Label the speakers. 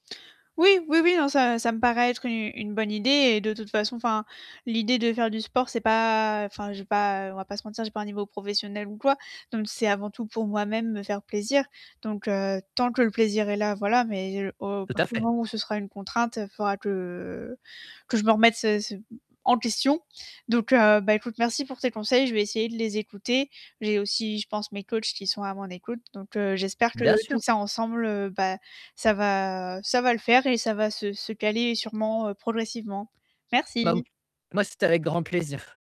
Speaker 1: Oui, oui, oui, non, ça ça me paraît être une une bonne idée et de toute façon enfin l'idée de faire du sport c'est pas enfin j'ai pas, on va pas se mentir je n'ai pas un niveau professionnel ou quoi. Donc c'est avant tout pour moi même me faire plaisir. Donc tant que le plaisir est là voilà, mais au à
Speaker 2: Tout à
Speaker 1: partir du
Speaker 2: fait.
Speaker 1: moment où ce sera une contrainte, il faudra que que je me remette ce ce en question. Donc ben, écoute, merci pour tes conseils, je vais essayer de les écouter. J'ai aussi, je pense, mes coachs qui sont à mon écoute. Donc j'espère que
Speaker 2: Bien
Speaker 1: tout
Speaker 2: sûr.
Speaker 1: ça ensemble, ben ça va ça va le faire et ça va se se caler sûrement progressivement.
Speaker 2: Ben,
Speaker 1: Merci.
Speaker 2: moi, c'était avec grand plaisir.